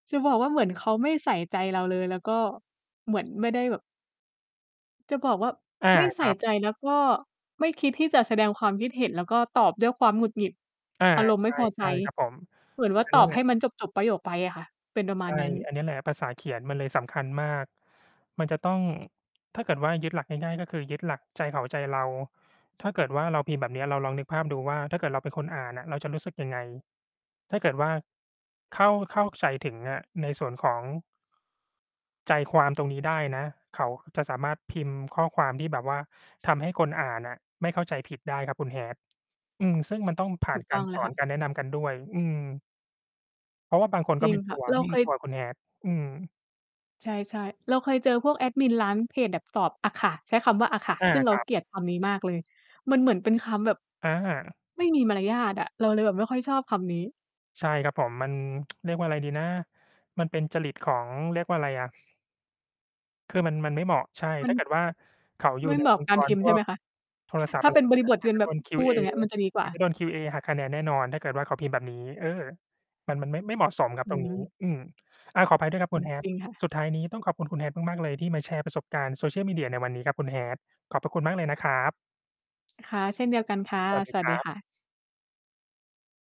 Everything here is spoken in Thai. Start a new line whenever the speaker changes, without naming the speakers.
จะบอกว่าเหมือนเขาไม่ใส่ใจเราเลย แล้วก็เหมือนไม่ได้แบบ จะบอกว่า
อา
ไม่ใส
ค
่
รับ
ใจ แล้วก็ไม่คิดที่จะแสดงความคิดเห็น แล้วก็ตอบด้วยความหงุดหงิด
อา
อารมณ์ไม่พอ
ใ
ใจ
ช่ ๆ ครับผม
เหมือนว่า
อัน
ต
นี
อ
้
บ
แห
ใ
ล
ห
ะ
้มันจบ ๆ ประโยคไปอะค่ะ เป็นประม
ใ
า
ช
ณ
่
นั้น
อันเนี้ยแหละภาษาเขียนมันเลยสำคัญมาก มันจะต้อง ถ้าเกิดว่ายึดหลักง่าย ๆ ก็คือยึดหลักใจเขาใจเรา ถ้าเกิดว่าเราพิมพ์แบบเนี้ย เราลองนึกภาพดูว่า ถ้าเกิดเราเป็นคนอ่านอะเราจะรู้สึกยังไง ถ้าเกิดว่าเข้า เข้าใจถึงอะ ในส่วนของ ใจความตรงนี้ได้นะ เขาจะสามารถพิมพ์ข้อความที่แบบว่าทำให้คนอ่านอะไม่เข้าใจผิดได้ครับคุณ Hat อืม ซึ่งมันต้องผ่
ถ
า
ู
น
ก
ก
ต้
า
อ
ร
งเล
ส
ย
อ
ค่
น
ะ
การแนะนำกันด้วย อืม เพราะว่าบางคน
จ
ก
ร
็
ิ
ไ
ง
ม่
ค
ต
่ะ
ัว
เรา
ไม่
เค
รู้
ย
ตัวคุณ Hat อืม
ใช่ ๆ เราเคยเจอพวกแอดมินร้านเพจแบบตอบอะค่ะ ใช้คำว่า "อะค่ะ"
อา
ซึ่งเ
ค
รา
รับ
เกลียดคำนี้มากเลย มันเหมือนเป็นคำแบบ
อา
ไม่มีมารยาทอะ เราเลยแบบไม่ค่อยชอบคำนี้
ใช่ครับผม มัน เรียกว่าอะไรดีนะ มันเป็นจริตของ เรียกว่าไรอะ คือมัน มันไม่เหมาะ ใช่
มั
ถ
น
้าเกิดว่าเขาอยู
ไม
่
่
ใน
เหมาะ
องค
ก
์
า
ก
รพ
ร
ิมพ
พ
์ใช
ว
่ไห
ก
มคะ?
โทรศัพ
ถ
ท
้
์
า
อะไ
เ
ร
ป็น
พ
บ
วก
ร
เ
ิ
นี้
บ
ย
ท
เข
เ
า
ป็น
จะ
แบ
โด
บ
น
อ พูด
QA
อย่างเงี้ย มันจะดีก
เ
ว
ข
่า
าจะโดน QA หักคะแนนแน่นอน ถ้าเกิดว่าเขาพิมพ์แบบนี้ เออ มัน มันไม่ ไม่เหมาะสมครับ
อื
ตรงนี้
ม
อืม อา ขออภัยด้วยครับ
อ
ค
ื
ุณ
ม จ
Hat
ริงค่ะ
สุดท้ายนี้ต้องขอบคุณ คุณ Hat มาก ๆ เลยที่มาแชร์ประสบการณ์ Social Media ในวันนี้ครับคุณ Hat ขอบพระคุณมากเลยนะครับ
ค่ะ เช่นเดียวกันค่ะ
สวัส
ส
ดี
วั
ค
ส
ร
ดี
ับ
ค่ะ